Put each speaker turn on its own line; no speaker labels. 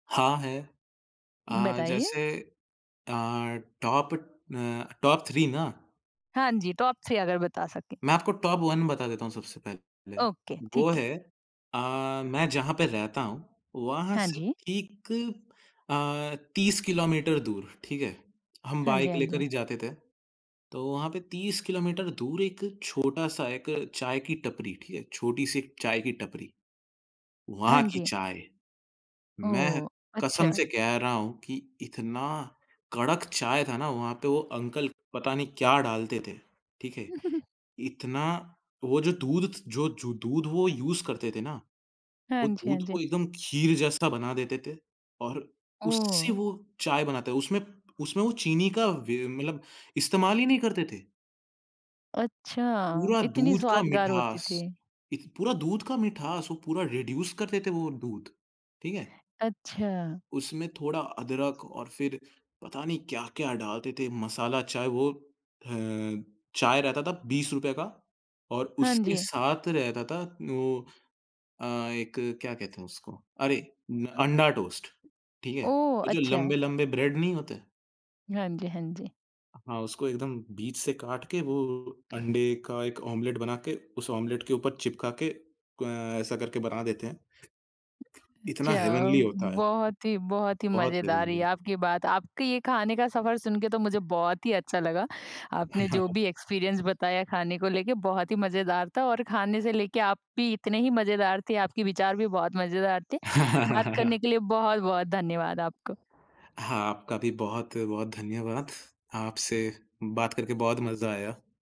हाँ, है। अ,
बताइए?
जैसे अ, टॉप अ, टॉप 3 ना?
हाँ जी, टॉप 3 अगर बता सकें।
मैं आपको टॉप 1 बता देता हूँ सबसे पहले।
ओके,
वो
ठीक है।
है अ, मैं जहाँ पे रहता हूँ, वहाँ
हाँ
से
जी।
ठीक अ, 30 किलोमीटर दूर ठीक है, हम
हाँ जी,
बाइक
हाँ
लेकर
जी।
ही जाते थे। तो वहाँ पे 30 किलोमीटर दूर एक छोटा-सा एक चाय की टपरी, ठीक है? छोटी-सी एक चाय की टपरी, वहाँ
हाँ
की
जी।
चाय। मैं
ओह!
कसम
अच्छा।
से कह रहा हूँ कि इतना कड़क चाय था ना वहाँ पे वो अंकल पता नहीं क्या डालते थे, ठीक है? इतना वो जो दूध थ जो जो दूध वो यूज़ करते थे ना,
हाँ
वो
जी, हाँ
दूध को
जी।
एकदम खीर जैसा बना देते थे और उससे
ओह!
वो चाय बनाते, उसमें उसमें वो चीनी का वे मतलब इस्तेमाल ही नहीं करते थे।
अच्छा,
पूरा
इतनी
दूध का
स्वादगार होती
मिठास,
थी।
इत पूरा दूध का मिठास वो पूरा रिड्यूस कर देते थे वो दूध, ठीक है?
अच्छा।
उसमें थोड़ा अदरक और फिर पता नहीं क्या-क्या डालते थे? मसाला चाय वो अ, चाय रहता था ₹20 रूपए का और
हाँ
उसके
जी।
साथ रहता था वो अ, एक क्या कहते हैं उसको? अरे न अंडा टोस्ट, ठीक है?
ओह!
वो जो
अच्छा।
लंबे-लंबे ब्रेड नहीं होते
हाँ जी, हाँ जी।
हाँ, उसको एकदम बीच से काट के वो अंडे का 1 ऑमलेट बनाके, उस ऑमलेट के ऊपर चिपका के अ, ऐसा करके बना देते हैं। इतना
जाओ,
हेवनली होता है।
बहुत ही बहुत ही
बहुत
मज़ेदार रही
हेवनली।
आपकी बात। आपकी ये खाने का सफ़र सुन के तो मुझे बहुत ही अच्छा लगा, आपने जो भी एक्सपीरियंस बताया खाने को लेके बहुत ही मज़ेदार था और खाने से लेके आप भी इतने ही मज़ेदार थे, आपके विचार भी बहुत मज़ेदार थे। बात करने के लिए बहुत-बहुत धन्यवाद आपका।
हाँ, आपका भी बहुत-बहुत धन्यवाद। आपसे बात करके बहुत मज़ा आया।